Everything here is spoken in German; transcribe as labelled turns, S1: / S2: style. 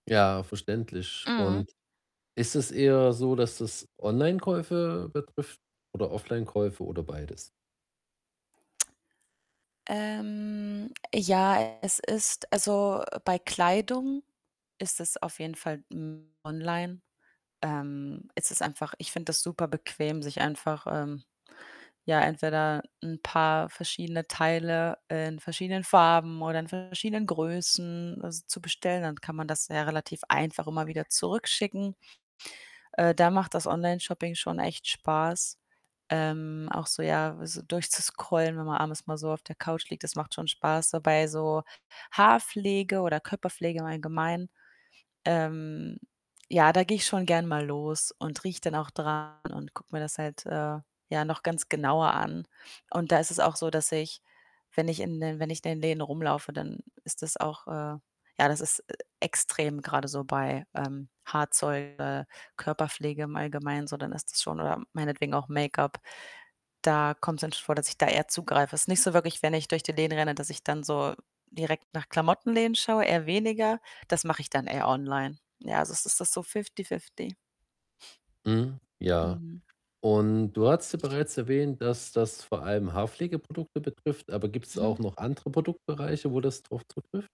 S1: Ja, verständlich,
S2: Mhm.
S1: und ist es eher so, dass das Onlinekäufe betrifft oder Offlinekäufe oder beides?
S2: Ähm, ja, es ist also, bei Kleidung ist es auf jeden Fall, hm, online. Ähm, ist es einfach ich finde das super bequem, sich einfach, ähm, ja, entweder 'n paar verschiedene Teile in verschiedenen Farben oder in verschiedenen Größen s zu bestellen, dann kann man das ja relativ einfach immer wieder zurückschicken. Äh, da macht das Onlineshopping schon echt Spaß, ähm, auch so, ja, so durchzuscrollen, wenn man abends mal so auf der Couch liegt, das macht schon Spaß. Dabei so Haarpflege oder Körperpflege im Allgemeinen, ähm, ja, da gehe ich schon gerne mal los und rieche dann auch dran und gucke mir das halt, äh, ja, noch ganz genauer an und da ist es auch so, dass ich, wenn ich in den wenn ich in den Läden rumlaufe, dann ist das auch, äh, ja das ist e extrem grade so bei, ähm, Haarzeug, äh, Körperpflege im Allgemein so, dann ist das schon oder meinetwegen auch Make-up, da kommt‘s dann schon vor, dass ich da eher zugreife. Ist nicht so wirklich, wenn ich durch die Läden renne, dass ich dann so direkt nach Klamotten-Läden schaue, eher weniger, das mache ich dann eher online. Ja, also, es ist so fifty-fifty.
S1: Mhm, ja
S2: Mhm.
S1: und du hattest bereits erwähnt, dass das vor allem Haarpflege-Produkte betrifft, aber gibt‘s auch
S2: Mhm.
S1: noch andere Produktbereiche, wo das drauf zutrifft?